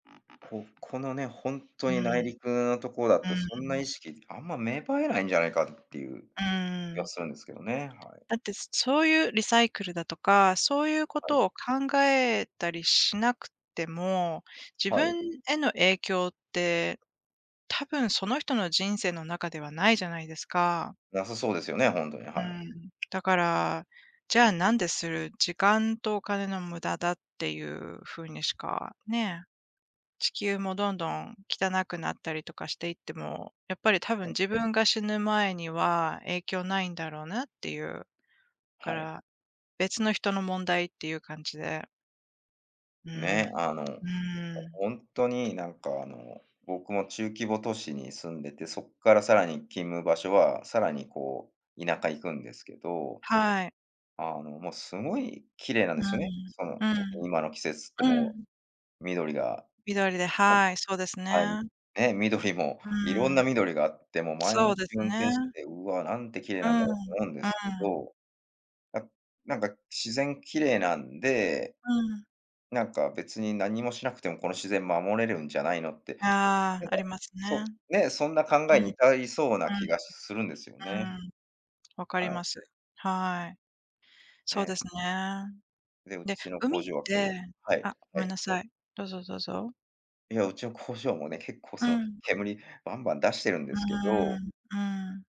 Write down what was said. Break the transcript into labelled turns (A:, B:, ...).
A: ここのね、ほんと
B: うん。う
A: に内陸のとこだ
B: ん
A: と、そんな
B: う
A: 意
B: ん。
A: 識、あんま芽生えないんじゃないか、っていう
B: う
A: 気
B: ー
A: が
B: ん。
A: するんですけどね、はい。
B: だってすそういう、リサイクルだとか、そういうこ
A: はい。
B: とを考えたりしなくても、自
A: はい。
B: 分への影響ってたぶんその人の人生の中ではないじゃないですか。
A: なさそうですよね、ほんとに、
B: うー
A: はい。
B: ん。だから、じゃあ、なんでする、時間とお金の無駄だ、っていう風にしかね。地球もどんどん汚くなったりとかしていっても、やっぱりたぶん
A: はい。
B: 自分が死ぬ前には影響ないんだろうなっていう。か
A: はい。
B: ら、別の人の問題っていう感じで。うーん。う
A: ね。あの、ほ
B: ーん。
A: ほんとに、なんか、あの、僕も中規模都市に住んでて、そっからさらに勤務場所は、さらに、こう、田舎行くんですけど、
B: はい。
A: あの、も、すごい綺麗なん
B: う
A: で
B: ー
A: すよね。
B: ん。
A: その、
B: う
A: 特
B: ん。
A: に今の季節って
B: う
A: も
B: ん。
A: う、緑が、
B: 緑で、はい、そうです
A: はい、はい、
B: ね。
A: ね、緑も、
B: う
A: いろん
B: ー
A: な
B: ん。
A: 緑があって、も、毎
B: そう
A: 日
B: です
A: 運転して
B: ね。
A: て、「うわ、なんて綺麗
B: うー
A: なん
B: ん。
A: だ
B: う
A: ろう」と思うんで
B: ー
A: すけ
B: ん。
A: ど。あ、なんか、自然綺麗なんで、
B: うん。
A: なんか、別に何もしなくても、この自然守れるんじゃないのって、
B: あ
A: なん
B: あ、あ
A: か、
B: りますね。
A: そう
B: う
A: ね、そんな考えに、
B: ん。
A: 至りそうな気がするんですよ
B: う
A: ね。
B: ん。うーん。わか
A: は
B: りま
A: い。
B: す。はい。そう
A: ね。
B: ですね。
A: で、う
B: で、
A: ちの工
B: 海っ
A: 場は、けど
B: て
A: はい、
B: あ、ご
A: は
B: めん
A: い、
B: な
A: どう
B: さ
A: は
B: い。どうぞどうぞ。
A: い。いや、うちの工場もね、結構
B: う
A: その、
B: ん。
A: 煙バンバン出してるんで
B: うー
A: すけど。
B: ん、うん。